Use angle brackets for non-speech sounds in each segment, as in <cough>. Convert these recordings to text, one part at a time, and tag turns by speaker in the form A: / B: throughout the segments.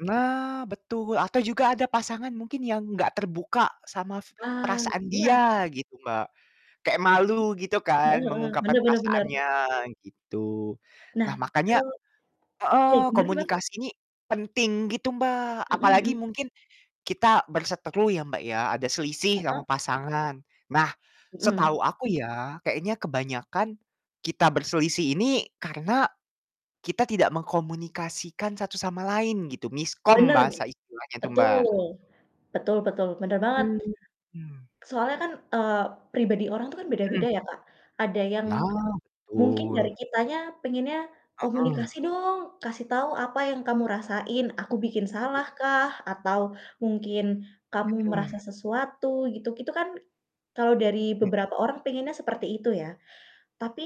A: Nah betul, atau juga ada pasangan mungkin yang enggak terbuka sama
B: Ah,
A: perasaan
B: iya.
A: dia gitu, Mbak. Kayak malu gitu
B: M
A: kan,
B: heeh heeh,
A: mengungkapkan
B: bener bener bener.
A: perasaannya gitu.
B: Nah
A: Nah
B: itu
A: makanya
B: ya,
A: heeh,
B: gimana sih, Bang?
A: komunikasi ini penting gitu, Mbak,
B: Mhm
A: apalagi
B: mhm.
A: mungkin kita berseteru ya, Mbak, ya ada selisih
B: Heeh.
A: sama pasangan. Nah,
B: Mhm.
A: setahu aku ya, kayaknya kebanyakan kita berselisih ini karena kita tidak mengkomunikasikan satu sama lain gitu, "miskom"
B: Bener.
A: bahasa istilahnya tuh, Mbak,
B: Betul, betul betul. Bener banget,
A: Mhm.
B: soalnya kan, eee, pribadi orang itu kan
A: Mmm.
B: beda-beda ya, Kak, ada yang
A: Nah,
B: mungkin dari
A: betul.
B: kitanya pengennya,
A: Heeh.
B: "Komunikasi dong, kasih tahu apa yang kamu rasain, aku bikin
A: Hmm.
B: salah kah atau mungkin kamu merasa
A: Mhm.
B: sesuatu gitu." Itu kan kalau dari
A: Mhm.
B: beberapa orang pengennya seperti itu ya, tapi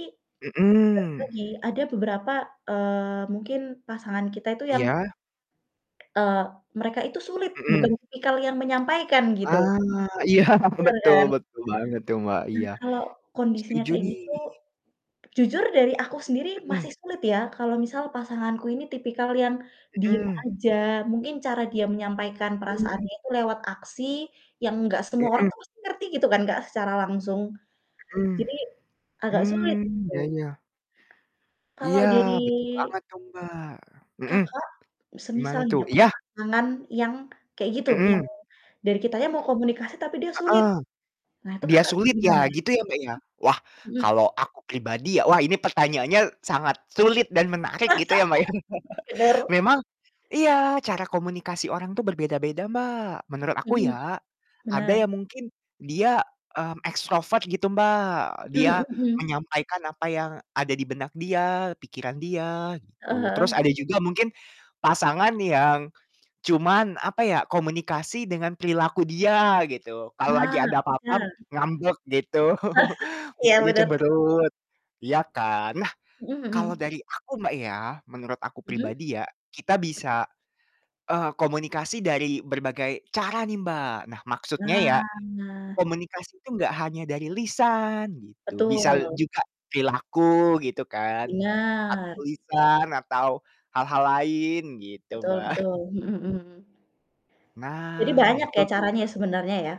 B: balik
A: Mhm.
B: lagi ada beberapa, eee, mungkin pasangan kita itu yang
A: Iya.
B: eee, mereka itu sulit, bukan
A: Mhm.
B: tipikal yang menyampaikan gitu.
A: Ah, iya.
B: Bener
A: Betul
B: kan?
A: betul banget tuh, Mbak,
B: Nah,
A: iya.
B: kalau kondisinya
A: Setuju
B: kayak
A: nih.
B: gitu, jujur dari aku sendiri
A: Mhm.
B: masih sulit ya, kalau misal pasanganku ini tipikal yang diem
A: Mhm.
B: aja. Mungkin cara dia menyampaikan
A: Betul.
B: perasaannya itu lewat aksi yang enggak semua orang
A: Mhm.
B: tuh pasti ngerti gitu kan, Kak, secara langsung
A: Mhm.
B: jadi agak sulit
A: Mmm, iya
B: tuh.
A: iya.
B: Kalau
A: Iya
B: dari
A: betul banget tuh, Mbak. Mhm.
B: Kakak,
A: Gimana
B: semisal nih
A: tuh?
B: dapet
A: Iya.
B: pasangan yang kayak gitu, yang
A: Mhm.
B: dari kitanya mau komunikasi, tapi dia sulit.
A: Heeh.
B: Nah itu
A: Dia
B: Kakak
A: sulit
B: gimana?
A: yah gitu ya, Mbak, ya? Wah
B: M mhm.
A: kalau aku pribadi ya, wah, ini pertanyaannya sangat sulit dan menarik
B: <laughs>
A: gitu ya, Mbak, ya. <chuckles>
B: Benar.
A: Memang iya, cara komunikasi orang itu berbeda-beda, Mbak, menurut
B: Mhm
A: aku
B: mhm.
A: ya. Ada
B: Benar.
A: yang mungkin dia, mmm, extrovert gitu, Mbak,
B: Mhm mhm
A: dia
B: mhm.
A: menyampaikan apa yang ada di benak dia, pikiran dia
B: Heeh
A: gitu. Terus
B: heeh.
A: ada juga mungkin pasangan yang cuman, apa ya, komunikasi dengan perilaku dia gitu. Kalau lagi
B: Ah,
A: ada apa-apa
B: benar.
A: ngambek gitu,
B: iya. <laughs>
A: <chuckles>
B: Iya
A: mukanya
B: benar.
A: cemberut, iya kan. Nah
B: Mhm
A: kalau
B: mhm.
A: dari aku, Mbak, ya menurut aku
B: Mhm.
A: pribadi ya, kita
B: Mhm.
A: bisa, eee, komunikasi dari berbagai cara nih, Mbak. Nah maksudnya ya,
B: Nah.
A: komunikasi itu enggak hanya dari lisan gitu, bisa
B: Betul.
A: juga perilaku gitu kan atau
B: Benar.
A: lisan atau hal-hal lain gitu,
B: Betul
A: Mbak.
B: betul,
A: <chuckles>
B: mhm mhm. Jadi
A: Nah,
B: banyak ya
A: betul
B: caranya ya
A: tuh.
B: sebenarnya ya?